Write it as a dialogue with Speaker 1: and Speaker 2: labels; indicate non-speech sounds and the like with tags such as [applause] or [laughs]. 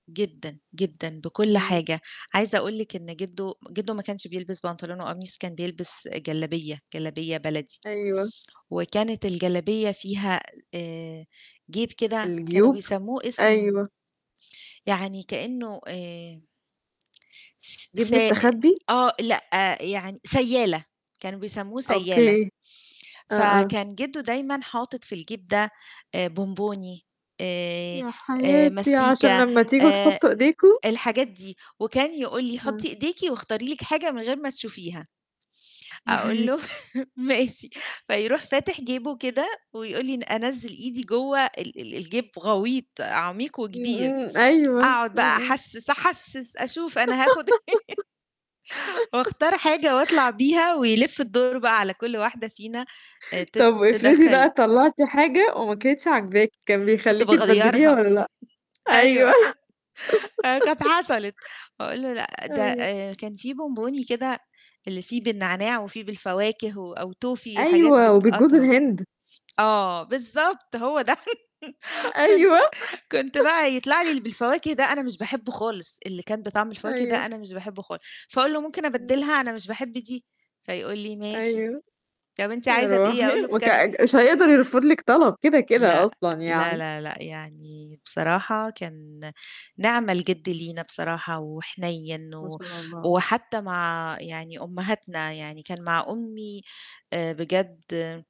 Speaker 1: جدًا، جدًا بكل
Speaker 2: إمم.
Speaker 1: حاجة. عايزة أقول لِك إن جِدّو جِدّو ما كانش بيلبس بنطلون وقميص، كان بيلبس جلابية، جلابية بلدي
Speaker 2: أيوه.
Speaker 1: وكانت الجلابية فيها آآ جيب كده كانوا
Speaker 2: الجيوب،
Speaker 1: بيسمّوه اسم
Speaker 2: أيوه.
Speaker 1: يعني كإنّه آآ س
Speaker 2: جيب
Speaker 1: سائ
Speaker 2: مستخبّي؟
Speaker 1: آه، لأ، يعني سيّالة، كانوا بيسمّوه سيّالة.
Speaker 2: أوكي. آه، آه.
Speaker 1: فكان جِدّو دايمًا حاطِط في الجيب ده آآ بونبوني آآ
Speaker 2: يا
Speaker 1: آآ
Speaker 2: حياتي عشان
Speaker 1: ماستيكا،
Speaker 2: لمّا تيجوا
Speaker 1: آآ
Speaker 2: تحُطّوا إيديكم؟
Speaker 1: الحاجات دي، وكان يقول لي:
Speaker 2: إمم.
Speaker 1: "حُطّي إيديكِ واختاري لِك حاجة من غير ما تشوفيها."،
Speaker 2: يا
Speaker 1: أقول له:
Speaker 2: حياتي.
Speaker 1: [laughs] "ماشي." فيروح فاتح جيبه كده ويقول لي ن أنزِّل إيدي جوّه ال ال الجيب غويط، عميق
Speaker 2: إمم،
Speaker 1: وكبير.
Speaker 2: إمم، أيوه.
Speaker 1: أقعُد
Speaker 2: إمم،
Speaker 1: بقى
Speaker 2: إمم.
Speaker 1: أحسِّس، أحسِّس أشوف أنا هاخُد إيه [laughs]
Speaker 2: [giggles]
Speaker 1: وأختار حاجة وأطلع بيها ويلِف الدور بقى على كل واحدة فينا آآ تت
Speaker 2: طَب افرضي
Speaker 1: تدخّل
Speaker 2: بقى طلَّعتِ حاجة وما كانتش عاجباكِ، كان
Speaker 1: كنت
Speaker 2: بيخليكِ تبدّليها
Speaker 1: باغيّرها.
Speaker 2: والّا لأ؟
Speaker 1: [chuckles]
Speaker 2: أيوه.
Speaker 1: أيوه. آآ كانت حصلت. أقول له لأ
Speaker 2: [laughs]
Speaker 1: ده
Speaker 2: أيوه.
Speaker 1: آآ كان في بونبوني كده اللي فيه بالنعناع وفيه بالفواكه و أو توفي حاجات
Speaker 2: أيوه وبالجوز
Speaker 1: بتتقطع،
Speaker 2: الهِند.
Speaker 1: آه بالضبط، هو ده [chuckles] كنت
Speaker 2: أيوه
Speaker 1: كنت
Speaker 2: [chuckles]
Speaker 1: بقى يطلع لي اللي بالفواكه ده أنا مش باحبه خالص اللي كان بطعم الفواكه ده،
Speaker 2: أيوه.
Speaker 1: أنا مش باحبه خالص. فاقول له: "ممكن
Speaker 2: إمم.
Speaker 1: أبدِّلها أنا مش باحب دي؟" فيقول لي: "ماشي
Speaker 2: أيوه.
Speaker 1: طَب أنت
Speaker 2: يا
Speaker 1: عايزة بإيه؟"
Speaker 2: روحي،
Speaker 1: أقول له
Speaker 2: وك
Speaker 1: بكذا.
Speaker 2: مش هيقدر يرفُض لِك طَلَب كده، كده
Speaker 1: لأ،
Speaker 2: أصلًا
Speaker 1: لا،
Speaker 2: يعني.
Speaker 1: لا، لأ، يعني بصراحة كان نِعْمَ الجِد لينا بصراحة وحنيّن
Speaker 2: ما
Speaker 1: و
Speaker 2: شاء الله.
Speaker 1: وحتّى مع يعني أمهاتنا، يعني كان مع أمي آآ بجد